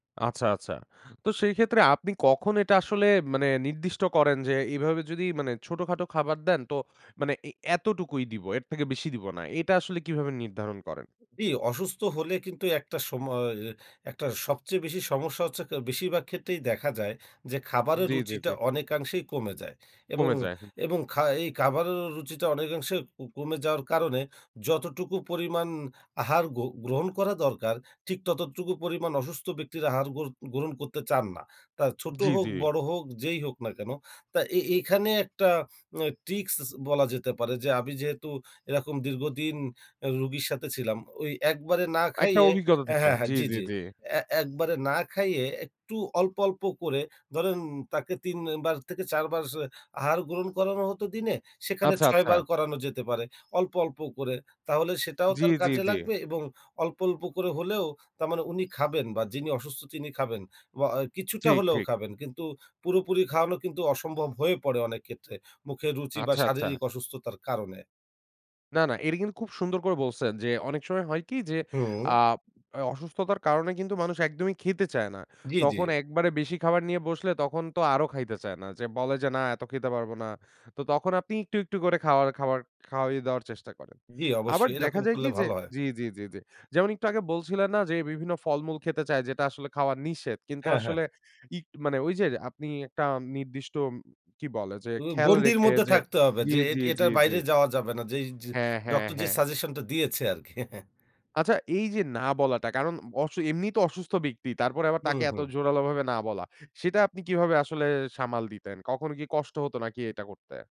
আচ্ছা, আচ্ছা। তো সেই ক্ষেত্রে আপনি কখন এটা আসলে মানে নির্দিষ্ট করেন? যে এভাবে যদি মানে ছোটখাটো খাবার দেন তো মানে এই এতটুকুই দিব, এর থেকে বেশি দিব না। এটা আসলে কিভাবে নির্ধারণ করেন? জি অসুস্থ হলে কিন্তু ১ টা সম অ, অ ১ টা সবচেয়ে বেশি সমস্যা হচ্ছে ক বেশিরভাগ ক্ষেত্রেই দেখা যায় যে খাবারের জি, জি, জি। রুচিটা অনেকাংশেই কমে যায়। এবং, কমে যায়, হ্যাঁ। এবং খা এই খাবারের রুচিটা অনেকাংশে ক কমে যাওয়ার কারণে, যতটুকু পরিমাণ আহার গ গ্রহণ করা দরকার, ঠিক ততটুকু পরিমাণ অসুস্থ ব্যক্তির আহার গ্র গ্রহণ করতে চান না। তা ছোট জি, হোক জি। বড় হোক, যেই হোক না কেন। তা এ এখানে ১ টা অ্যা ট্রিক্স, স বলা যেতে পারে। যে আমি যেহেতু এরকম দীর্ঘদিন অ্যা রোগীর সাথে ছিলাম। ওই ১ বারে না ১ টা খাইয়ে, অভিজ্ঞতা অ্যা থেকে। হ্যাঁ, হ্যাঁ জি, জি, জি, জি। জি। অ্যা ১ বারে না খাইয়ে, একটু অল্প, অল্প করে। ধরেন তাকে ৩ অ্যা বার থেকে ৪ বার স আহার গ্রহণ করানো হতো দিনে, সেখানে আচ্ছা, ৬ আচ্ছা। বার করানো যেতে পারে। অল্প, অল্প করে। তাহলে সেটাও জি, তার জি, কাজে জি। লাগবে এবং অল্প, অল্প করে হলেও তার মানে উনি খাবেন বা যিনি অসুস্থ তিনি খাবেন। বা আ কিছুটা ঠিক, হলেও ঠিক। খাবেন। কিন্তু পুরোপুরি খাওয়ানো কিন্তু অসম্ভব হয়ে পড়ে অনেক ক্ষেত্রে। মুখে রুচি বা আচ্ছা, আচ্ছা। শারীরিক অসুস্থতার কারণে। না, না। এটা কিন্তু খুব সুন্দর করে বলছেন। যে অনেক সময় হয় কি যে হুম। আ অসুস্থতার কারণে কিন্তু মানুষ একদমই খেতে চায় না। জি, জি। তখন ১ বারে বেশি খাবার নিয়ে বসলে তখন তো আরো খাইতে চায় না। যে বলে যে না এত খেতে পারবো না। তো তখন আপনি একটু, একটু করে খাওয়ার খাবার খাওইয়ে দেওয়ার চেষ্টা করেন। জি আবার অবশ্যই। দেখা এরকম যায় কি করলে যে ভালো হয়। জি, জি, জি, জি। যেমন একটু আগে বলছিলেন না? যে বিভিন্ন ফলমূল খেতে চায় যেটা আসলে খাওয়ার নিষেধ। কিন্তু হ্যাঁ, হ্যাঁ। আসলে ইগ মানে ওই যে আপনি ১ টা নির্দিষ্ট উম কি বলে যে উ খেয়াল গণ্ডির রেখে মধ্যে যে থাকতে হবে। জি, যে এট জি, জি, এটার জি। বাইরে যাওয়া যাবে না। যেই য হ্যাঁ, হ্যাঁ, ডক্টর যে হ্যাঁ। সাজেশন টা দিয়েছে আরকি। আচ্ছা এই যে না বলাটা। কারণ অবশ্য এমনিই তো অসুস্থ ব্যক্তি। তারপরে আবার হুম, তাকে এত হুম। জোরালো ভাবে না বলা। সেটা আপনি কিভাবে আসলে সামাল দিতেন? কখনো কি কষ্ট হতো নাকি এটা করতে?